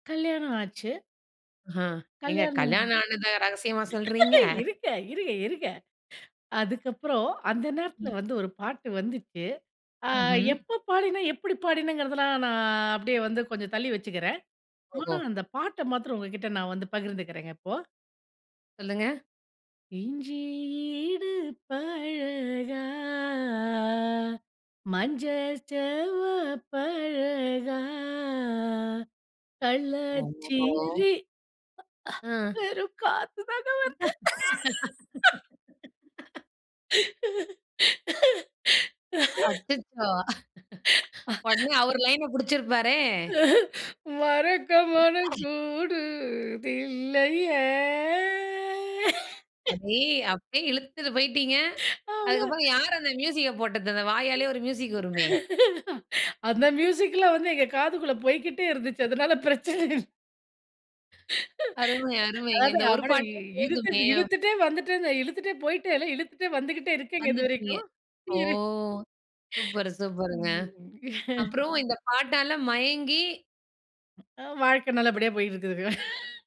கல்யாணம் ஆச்சு! ஹான் ஏங்க கல்யாணம்! கல்யாணம் ஆனத ரகசியமா சொல்கிறீங்க? இருங்க. இருங்க, இருங்க. அதுக்கப்புறம் அந்த நேரத்தில ம். வந்து ஒரு பாட்டு வந்துச்சு. ஆ ம்ஹ்ம். எப்போ பாடினேன் எப்படி பாடினங்கிறதெல்லாம் நான் அப்டியே வந்து கொஞ்சம் தள்ளி வச்சுக்கிறேன். ஆனா ஓஹோ! அந்த பாட்ட மாத்திரம் உங்ககிட்ட நான் வந்து பகிர்ந்துக்கிறேங்க இப்போ. சொல்லுங்க! இஞ்சி இடுப்பழகா, மஞ்ச செவப்பழகா. ஓஹோ! கள்ளச்சிரி. அ ஆ. வெறும் காத்து தாங்க வருது. அச்சச்சோ! உடனே அவரு லைன புடிச்சிருப்பாரே! மறக்கமனம் கூடுதில்லயே! [unintelligible] அப்டிய இழுத்துட்டு போயிட்டீங்க. அவ்ளோ. அதுக்குப்பறம் யாரு அந்த மியூசிக்க போட்டது? அந்த வாயாலேயே ஒரு மியூசிக் வருமே. அந்த மியூசிக்லாம் வந்து எங்க காதுக்குள்ள போய்க்கிட்டே இருந்துச்சு. அதனால பிரச்சன இல்ல. அருமை, அருமைங்க. அதாது இந்த ஒரு அவன பாட்டே போதுமே! இழுத்திட்டு இழுத்துட்டே வந்துடென்ல இழுத்துட்டே போயிட்டேன்ல இழுத்துட்டே வந்துகிட்டே இருக்கேங்க வந்துட்டீங்க. இதுவரைக்கும். ஓ! இரு. சூப்பர் சூப்பர்ங்க. ம். அப்பறம் இந்த பாட்டால மயங்கி, வாழ்க்க நல்லபடியா போயிட்டு இருக்குதுங்க.